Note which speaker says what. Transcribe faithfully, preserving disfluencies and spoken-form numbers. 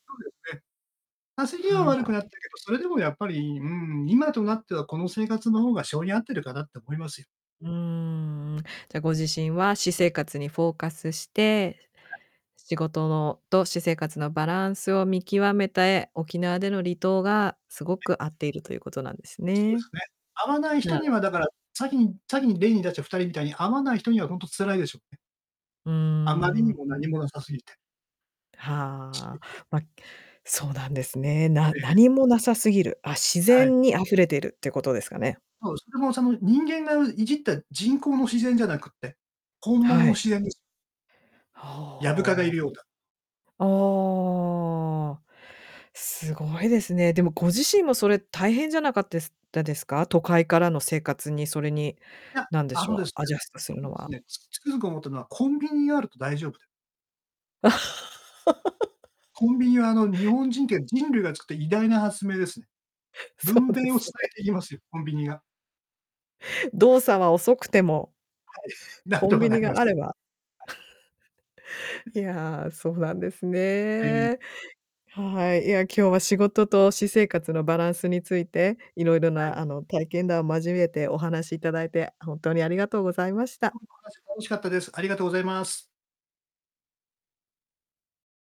Speaker 1: そうですね。稼ぎは
Speaker 2: は
Speaker 1: 悪く
Speaker 2: い。
Speaker 1: なったけど、それでもやっぱり、うーん、今となってはこの生活の方が性に合ってるかなって思いますよ。
Speaker 2: うーん。じゃ、ご自身は私生活にフォーカスして、
Speaker 1: はい。
Speaker 2: 仕事のと私生活のバランスを見極めて、沖縄での離島がすご
Speaker 1: え。
Speaker 2: く合っているということなんです
Speaker 1: そうで
Speaker 2: ね。
Speaker 1: すね。合わない人
Speaker 2: なあ
Speaker 1: にはだから、先に先に例に出してふたりみたいに合わない人には本当辛いでしょうね。
Speaker 2: う
Speaker 1: あまりに
Speaker 2: ー
Speaker 1: も
Speaker 2: ん。
Speaker 1: 何もなさすぎて。刺
Speaker 2: は
Speaker 1: 激が。
Speaker 2: あ、ま、そうなんですね。な
Speaker 1: ええ。
Speaker 2: 何もなさすぎる、あ、自
Speaker 1: はい。
Speaker 2: 然に溢れてるってことですかね。
Speaker 1: そう、それもその人間がういじった人工の自然じゃなくって、本物
Speaker 2: は
Speaker 1: の
Speaker 2: い。
Speaker 1: 自然です。ヤブ蚊がい
Speaker 2: は、
Speaker 1: るようだ。
Speaker 2: あ、んああ、すごいですね。でもご自
Speaker 1: [unintelligible]
Speaker 2: 身もそれ大変じゃなかったですたですか？都会からの生活に、それに、
Speaker 1: いや、
Speaker 2: なんで
Speaker 1: あ
Speaker 2: し
Speaker 1: の
Speaker 2: ょ
Speaker 1: で
Speaker 2: う、
Speaker 1: す
Speaker 2: ア
Speaker 1: ね
Speaker 2: ジャストす
Speaker 1: あ
Speaker 2: る
Speaker 1: の
Speaker 2: の
Speaker 1: です
Speaker 2: は。
Speaker 1: ね、つくづく思ったのはコンビニがあると大丈夫で コンビニはあの、日本人って人類が作った偉大な発明ですね。
Speaker 2: そ
Speaker 1: 分
Speaker 2: うで
Speaker 1: 娩を
Speaker 2: す
Speaker 1: 伝
Speaker 2: ね。
Speaker 1: えてきますよ、コンビニが。
Speaker 2: 動作は遅くても
Speaker 1: はい、なん
Speaker 2: コ
Speaker 1: と
Speaker 2: ン
Speaker 1: か
Speaker 2: ビ
Speaker 1: な
Speaker 2: ニ
Speaker 1: りま
Speaker 2: があれ
Speaker 1: す。
Speaker 2: ば。
Speaker 1: はい。う
Speaker 2: いや、そうなんです
Speaker 1: え、うん。
Speaker 2: ね。はい、いや、今日は仕事と私生活のバランスについて、色々
Speaker 1: は
Speaker 2: な
Speaker 1: い。
Speaker 2: あの、体験談交えてお話しいただいて、本当にありがとうございまし
Speaker 1: ど
Speaker 2: た。
Speaker 1: うも話楽しかったです。ありがとうございます。